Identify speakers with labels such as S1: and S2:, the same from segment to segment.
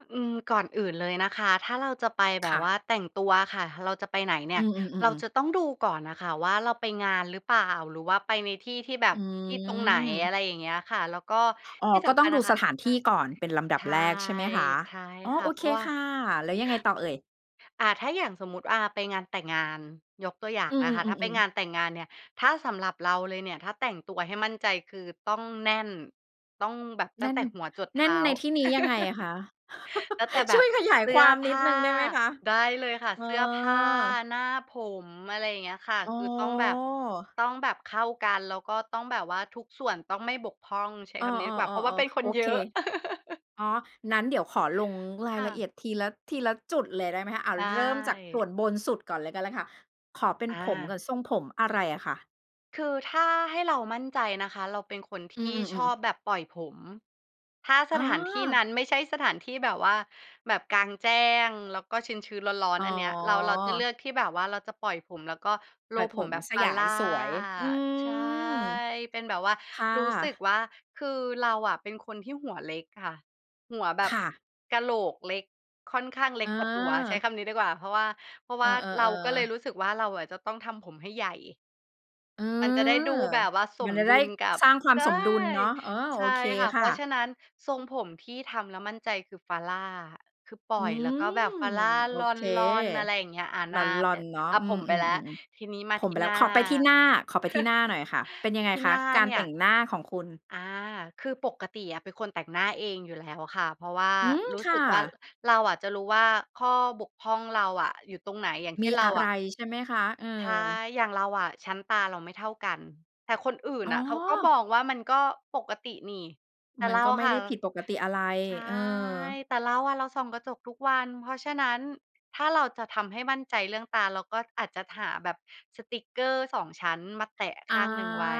S1: ฮ อืม ก่อนอื่นเลยนะคะ ถ้าเราจะไปแบ
S2: ค
S1: บ
S2: ่ะ
S1: ว่าแต่งตัวอะค่ะ เราจะไปไหนเนี
S2: อ
S1: ่
S2: ื
S1: ย เ
S2: อ
S1: รา
S2: ๆ ๆ ๆ
S1: จะต้องดูก่อนอะค่ะว่าเราไปงานหรือเปล่า หรือว่าไปในที่ ๆ แบ
S2: อ
S1: บ ที่ตรงไหน? อ
S2: ืม
S1: ะไรอย่างเงี้ยค่ะ แล้วก็
S2: อ๋อ
S1: ที่
S2: ก
S1: ส
S2: ็ต
S1: ำค
S2: ้อ
S1: ั
S2: ง
S1: ญ
S2: ด
S1: น
S2: ู
S1: ะค
S2: ส
S1: ะ
S2: ถานท
S1: ค่
S2: ี
S1: ะ
S2: ่ก่อนเป็นลำดั
S1: ใช
S2: บ
S1: ่
S2: แรกใช่ไหมคะ?
S1: ใช่
S2: อ๋อ
S1: ค
S2: โ
S1: ่ะ
S2: อ
S1: เพ
S2: เค
S1: ราะว่า
S2: ค่ะ แล้วยังไงต่อเอ่ย?
S1: อา ถ้าอย่างสมมุติ อา ไปงานแต่งงาน ยกตัวอย่า
S2: อ
S1: ง
S2: ื
S1: นะคะ ถ้าไป
S2: อ ๆ ๆ ๆ
S1: งานแต่งงานเนี่ย ถ้าสำหรับเราเลยเนี่ย ถ้าแต่งตัวให้มั่นใจ คือต้องแน่น ต้องแบบ
S2: แ
S1: ต
S2: น
S1: ั้
S2: ่
S1: ง
S2: น
S1: แต่หัวจรดเ
S2: แน
S1: ท
S2: ่น
S1: ้า
S2: ในที่นี้ยังไงอะคะ?
S1: แล้วแต่ แบ
S2: ช่
S1: บ
S2: วยขยาย
S1: เสื
S2: ค
S1: ้
S2: ว
S1: อ
S2: าม
S1: ผ
S2: นิด
S1: ้
S2: ห
S1: า
S2: นึ่งได้ไหมคะ?
S1: ได้เลยค่ะ
S2: เออ
S1: เสื้อผ้าหน้าผม อะไรอย่างเงี้ยค่ะ
S2: อ๋
S1: ค
S2: อ
S1: ือต้องแบบ ต้องแบบเข้ากัน แล้วก็ต้องแบบว่าทุกส่วนต้องไม่บกพร่อง ใช้
S2: เออ
S1: คำนี้ดีกว่า เพราะว่าเ
S2: ๆ
S1: ป็น
S2: ๆ
S1: ค
S2: ๆ โ
S1: น
S2: อ
S1: เย
S2: เ
S1: อ
S2: ค
S1: ะ
S2: อ๋อ งั้นเดี๋ยวขอลงรา
S1: ค
S2: ย
S1: ่
S2: ละเ
S1: ะ
S2: อียดทีละ ทีละจุดเลยได้ไหมคะ อา
S1: ใช่
S2: เริ่มจากส่วนบนสุดก่อนเลยก็ไล้ค่ะ ขอเป็น
S1: อ
S2: ผมก่อ
S1: า
S2: น ทรงผมอะไรอะคะ?
S1: คือถ้าให้เรามั่นใจนะคะ เราเป็นคน
S2: อ
S1: ท
S2: ือ
S1: ี่ช
S2: ๆ ๆ
S1: อ
S2: ๆ
S1: บแบบปล่อยผม ถ้า
S2: อ
S1: ส
S2: ๋
S1: ถานที่
S2: อ
S1: นั้นไม่ใช่สถานที่แบบว่า แบบกลางแจ้ง แล้วก็ชื้น ๆ ร้อ
S2: อ
S1: น
S2: ๋
S1: ๆ อันเนี้ยเรา เราจะเลื
S2: อ
S1: อกที่แบบว่า เราจะปล่อยผมแล้วก็
S2: ปล่อย
S1: roll
S2: ผ
S1: ผม
S2: ม
S1: แบบ
S2: สยาย
S1: Farrah
S2: สวย อื
S1: ใช่
S2: ม
S1: เป็นแบบว่า
S2: ค่
S1: รู้สึก
S2: ะ
S1: ว่า คือเราอะ เป็นคนที่หัวเล็กค่ะ หัวแบ
S2: ค
S1: บ
S2: ่ะ
S1: กะโหลกเล็ก ค่อนข้างเล็กกว่าตัว ใช้
S2: อา
S1: คำนี้ดีกว่า เพราะว่า เพราะ
S2: เ
S1: ว
S2: ออ
S1: ่า เราก็เลย
S2: ๆ
S1: ร
S2: ๆ
S1: ู้สึกว่าเราอะจะต้องทำผมให้ใหญ่
S2: อื
S1: มันจะได้ด
S2: ม
S1: ูแบบว่าส
S2: มั
S1: ม
S2: นจะ
S1: ดุ
S2: ได้
S1: ลกับ
S2: สร้างควา
S1: ใ
S2: ม
S1: ช่
S2: สมดุลเนาะ เออ
S1: ใช
S2: โอ
S1: ่
S2: เค
S1: ค่ะ เ
S2: ค
S1: พ
S2: ่
S1: รา
S2: ะ
S1: ะฉะนั้นทรงผมที่ทำแล้วมั่นใจ คือ Farrah คือ ปล่
S2: อื
S1: อยแล้ว
S2: ม
S1: ก็แบบ Farrah
S2: โอ
S1: ล
S2: เค
S1: อน ๆ อะไรอย่างเงี้ย อา ห
S2: ล
S1: น้า
S2: อ
S1: ไป
S2: น ๆ เนาะ
S1: อา
S2: อื
S1: ผ
S2: ม
S1: มไปแล้ว ที
S2: ๆ ๆ
S1: นี้ม
S2: ๆ
S1: า
S2: ผ
S1: ท
S2: มไ
S1: ี
S2: ป
S1: ่
S2: แล้
S1: หน
S2: ว
S1: ้า
S2: ขอไปที่หน้า ขอไปที่หน้าหน่อยค่ะ เป็นยังไง
S1: ที่
S2: ค
S1: ห
S2: ะ?
S1: น้า
S2: การ
S1: เนี
S2: แ
S1: ่
S2: ต
S1: ย
S2: ่งหน้าของคุณ
S1: อา คือปกติอะเป็นคนแต่งหน้าเองอยู่แล้วค่ะ เพราะว่า
S2: อืม
S1: รู้
S2: ค
S1: ส
S2: ่
S1: ึกว่า
S2: ะ
S1: เราอะจะรู้ว่าข้อบกพร่องเราอะอยู่ตรงไหน อย่างเ
S2: ม
S1: ช่
S2: ี
S1: นเรา
S2: อะไ
S1: อ
S2: ร
S1: ะ
S2: ใช่ไหมคะ? เออ
S1: ใช่ อย่างเราอะ ชั้นตาเราไม่เท่ากัน แต่คนอื่น
S2: อ๋
S1: น
S2: อ
S1: ่ะเขาก็บองว่ามันก็ปกตินี่ แต่
S2: มั
S1: เ
S2: น
S1: รา
S2: ก็
S1: อ
S2: ไ
S1: ะ
S2: ม่
S1: ค
S2: ไ
S1: ่
S2: ด
S1: ะ
S2: ้ผิดปกติอะไร
S1: ใช่
S2: เออ
S1: แต่เราอะ เราส่องกระจกทุกวัน เพราะฉะนั้น ถ้าเราจะทำให้มั่นใจเรื่องตา เราก็อาจจะหาแบบสติกเกอร์ 2 ชั้น มาแตะข
S2: อ
S1: ้
S2: า
S1: างหนึ่งไว้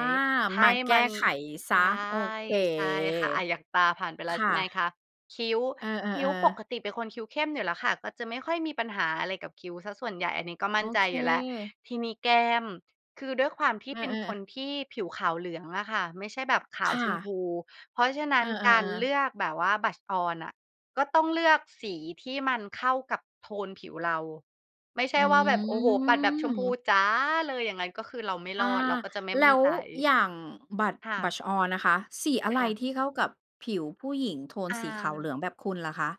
S1: ให
S2: มา
S1: ้
S2: แก
S1: มั
S2: ้
S1: น
S2: ไขเสี
S1: ใช
S2: ย
S1: ่
S2: โอเค
S1: ใช่ค่ะ อา อย่างตาผ่านไปแล้
S2: ค
S1: ว ใช
S2: ่
S1: ่ไหม
S2: ะ
S1: คะ คิ้ว
S2: เออ
S1: คิ้ว ป
S2: ๆ ๆ
S1: กติเป็นคนคิ้วเข้มอยู่แล้วค่ะ ก็จะไม่ค่อยมีปัญหาอะไรกับคิ้วเสียส่วนใหญ่ อันนี้ก็ม
S2: โอ
S1: ั่นใจ
S2: เ
S1: อยู่แล้ว
S2: ค
S1: ทีนี้แก้ม คือด้วยความที
S2: เ
S1: ่
S2: อ
S1: เป็นค
S2: อ ๆ
S1: นที่ผิวขาวเหลืองอะค่ะ ไม่ใช่แบบขา
S2: ค
S1: ว
S2: ่
S1: ชมพ
S2: ะ
S1: ู เพราะฉะนั
S2: เอ
S1: ้น
S2: อ
S1: การเ
S2: ๆ
S1: ล
S2: ๆ
S1: ือกแบบว่า blush on อะ ก็ต้องเลือกสีที่มันเข้ากับโทนผิวเรา ไม่ใช
S2: อื
S1: ่ว่าแบบ โอ้โฮ ปัดแบบชมพู
S2: ม
S1: จ๋า เลย อย่างงั้นก็คือเราไม่
S2: อ
S1: ร
S2: า
S1: อด เราก็จะไม่
S2: แล
S1: มั่
S2: ้
S1: น
S2: ว
S1: ใจ
S2: อย่าง blush
S1: ค่ะ
S2: blush on ล่ะคะ สีอะไ
S1: ค
S2: ร
S1: ่ะ
S2: ที่เข้ากับผิวผู้หญิงโทน
S1: อ
S2: สีขาวเหล
S1: า
S2: ืองแบบคุณล่ะคะ?